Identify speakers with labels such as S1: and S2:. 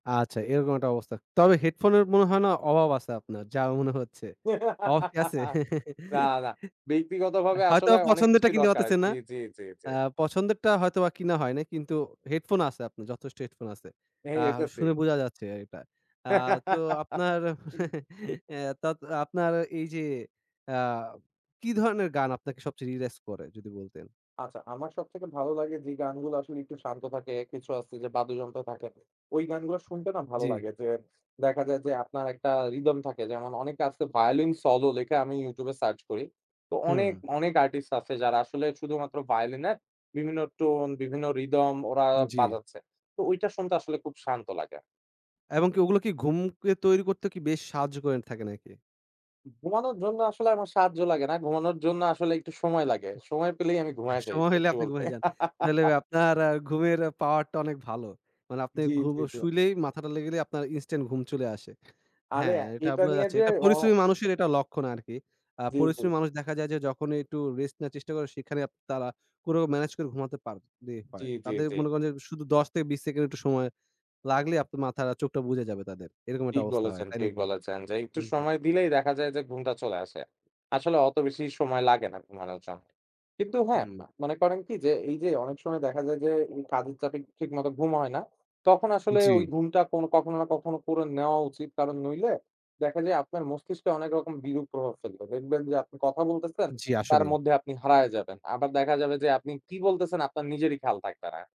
S1: আচ্ছা, এরকম একটা অবস্থা। তবে হেডফোনের মনে হয় না অভাব আছে আপনার, যা মনে হচ্ছে। অভাব কি আছে?
S2: না, না।
S1: অ্যা
S2: ব্যক্তিগতভাবে
S1: হয়তো
S2: আসলে অনেক
S1: পছন্দেরটা
S2: কিছুই
S1: কিনতে
S2: দরকার হয়। জি,
S1: পারতেছেনা।
S2: জি, জি, জি।
S1: অ্যা পছন্দেরটা হয়তোবা কিনা হয় নাই, কিন্তু হেডফোন আছে আপনার যথেষ্ট হেডফোন আছে।
S2: হ্যাঁ,
S1: আ
S2: এটা ঠিক।
S1: শুনে বোঝা যাচ্ছে আ এটা। আ তো আপনার অ্যা তাত আপনার এইযে, অ্যা কি ধরনের গান আপনাকে সবচেয়ে রিল্যাক্স করে? যদি বলতেন।
S2: আচ্ছা। আমার সবথেকে ভালো লাগে যে গানগুলো আসলে একটু শান্ত থাকে, কিছু আছে যে বাদ্যযন্ত্র থাকে। ওই গানগুলো শুনতে না ভালো
S1: জ্বী।
S2: লাগে। যে দেখা যায় যে আপনার একটা রিদম থাকে। যেমন অনেক আছে ভায়োলিন সলো লিখে আমি YouTube এ সার্চ করি। তো অনেক,
S1: হুম।
S2: অনেক আর্টিস্ট আছে, যারা আসলে শুধুমাত্র ভায়োলিনের বিভিন্ন টোন, বিভিন্ন রিদম ওরা
S1: উম জ্বী।
S2: বাজাচ্ছে। তো ঐটা শুনতে আসলে খুব শান্ত লাগে।
S1: এবং কি ওগুলো কি ঘুমকে তৈরি করতে কি বেশ সাহায্য করে এন থাকে নাকি?
S2: ঘুমানোর জন্য আসলে আমার সাহায্য লাগে না। ঘুমানোর জন্য আসলে একটু সময় লাগে। সময় পেলেই আমি ঘুমায়ে যাই
S1: সময় হইলে
S2: সত্যি
S1: আপনি
S2: বলতে।
S1: ঘুমায় যান। তাইলে ভাই আপনার আ ঘুমের আ পাওয়ারটা অনেক ভালো। মানে আপনি
S2: জ্বী,
S1: ঘুম
S2: জ্বী,
S1: অ
S2: জ্বী।
S1: শুইলেই মাথাটা লাগলেই আপনার ইনস্ট্যান্ট ঘুম চলে আসে।
S2: আরে
S1: হ্যাঁ,
S2: আ
S1: এটা
S2: এটা
S1: বোঝা
S2: নিয়ে
S1: যাচ্ছে।
S2: যে
S1: এটা
S2: অ
S1: পরিশ্রমী মানুষের এটা লক্ষণ আরকি। আ
S2: জ্বী, জ্বী।
S1: পরিশ্রমী মানুষ দেখা যায় যে, যখনই একটু রেস্ট নেয়ার চেষ্টা করে, সেখানেই আপ তারা কোরো ম্যানেজ করে ঘুমাতে পারলেই
S2: জ্বী,
S1: হয়।
S2: জ্বী,
S1: তাদের
S2: জ্বী।
S1: মনে করেন যে শুধু ১০ থেকে ২০ সেকেন্ড একটু সময় লাগলেই আপনার মাথার আ চোখটা বুজে যাবে তাদের। এরকম একটা
S2: ঠিক
S1: অবস্থা হয়,
S2: বলেছেন,
S1: তাই
S2: ঠিক
S1: নাকি?
S2: বলেছেন। যে একটু
S1: উম জ্বী।
S2: সময় দিলেই দেখা যায় যে ঘুমটা চলে আসে। আসলে অত বেশি সময় লাগে না ঘুমানোর জন্য। কিন্তু হ্যাঁ,
S1: হুম।
S2: আ মনে করেন কি? যে এইযে অনেক সময় দেখা যায় যে এই কাজের চাপে ঠিকমতো ঘুম হয় না, তখন আসলে
S1: জ্বী।
S2: ওই ঘুমটা কোন কখনো না কখনো করে নেওয়া উচিত। কারণ নইলে, দেখা যায় আপনার মস্তিষ্কে অনেক রকম বিরূপ প্রভাব ফেলবে। দেখবেন যে আপনি কথা বলতেছেন,
S1: জ্বী,
S2: তার
S1: আসলেই।
S2: মধ্যে আপনি হারায়ে যাবেন। আবার দেখা যাবে যে, আপনি কি বলতেছেন আপনার নিজেরই খেয়াল থাকবে না।